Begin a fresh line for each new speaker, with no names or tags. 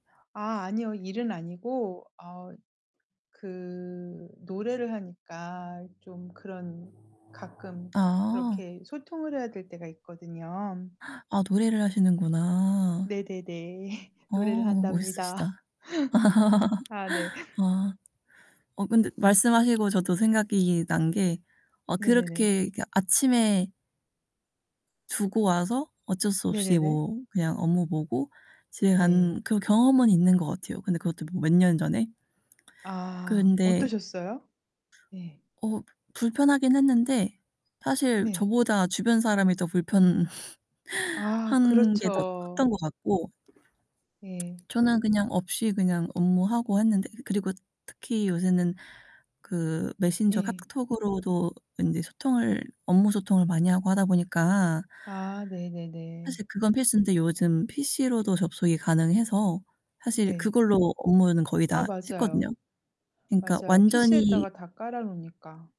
아 아니요, 일은 아니고 어 그 노래를 하니까 좀 그런 가끔
아.
그렇게 소통을 해야 될 때가 있거든요.
아 노래를 하시는구나.
네네네. 노래를
어
한답니다.
멋있으시다.
아 네.
와. 어 근데 말씀하시고 저도 생각이 난 게 어
네네네.
그렇게 그 아침에 두고 와서 어쩔 수 없이
네네네.
뭐 그냥 업무 보고 집에
네.
간 그런 경험은 있는 것 같아요 근데 그것도 몇 년 전에.
아.
근데
어떠셨어요? 네.
어 불편하긴 했는데 사실
네.
저보다 주변 사람이 더 불편
아
한 게 더 컸던
그렇죠.
것 같고
예.
저는 그냥 없이 그냥 업무하고 했는데 그리고 특히 요새는 그 메신저
예.
카톡으로도 인제 소통을, 업무 소통을 많이 하고 하다 보니까
아 네네네.
사실 그건 필수인데 요즘 PC로도 접속이 가능해서 사실
네.
그걸로 업무는 거의
아
다 했거든요.
맞아요.
그러니까
맞아요.
완전히
PC에다가 다 깔아 놓으니까.